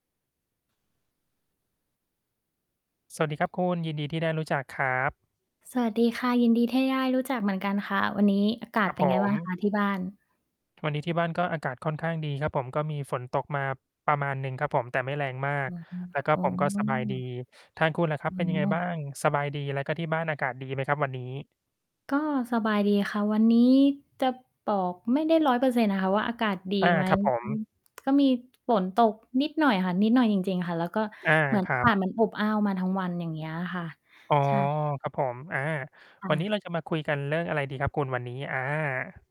สวัสดีครับคุณ ยินดีที่ได้รู้จักครับ สวัสดีค่ะ ยินดีที่ได้ รู้จักเหมือนกันค่ะ วันนี้ อากาคศรัเบ ป็นผไงบ้ม างคะที่บ้าน? วันนี้ที่บ้านก็อากาศค่อนข้างดีครับผม ก็มีฝนตกมาประมาณหนึ่งครับผม แต่ไม่แรงมาอก ือ แล้วก็ อ๋ผมก็สบายดี อ ทางคุณล่ะครับ อเป็นยังไง๋บ้าอ ง? สบายดี แล้วก็ที่บ้านอากาศดีไหมครับ วันนี้? ก็สบายดีค่ะ วันนี้จะ บอกไม่ได้ 100% อะค่ะว่า อากาศดีอา ไหม ครับผอือ ม ก็มีฝนตกนิดหน่อยค่ะ นิดหน่อยจริง ๆ ค่ะ แล้วก็อา เหมือนครอัากาบ ศมันอบอ้าวมาทั้งวัน อย่างเงี้ยค่ะ อ๋อ ใช่ ครับผม อา ควัน่นี้ะ เราจะมาคุยกันเรื่องอะไรดี ครับคุณ วันนี้? อา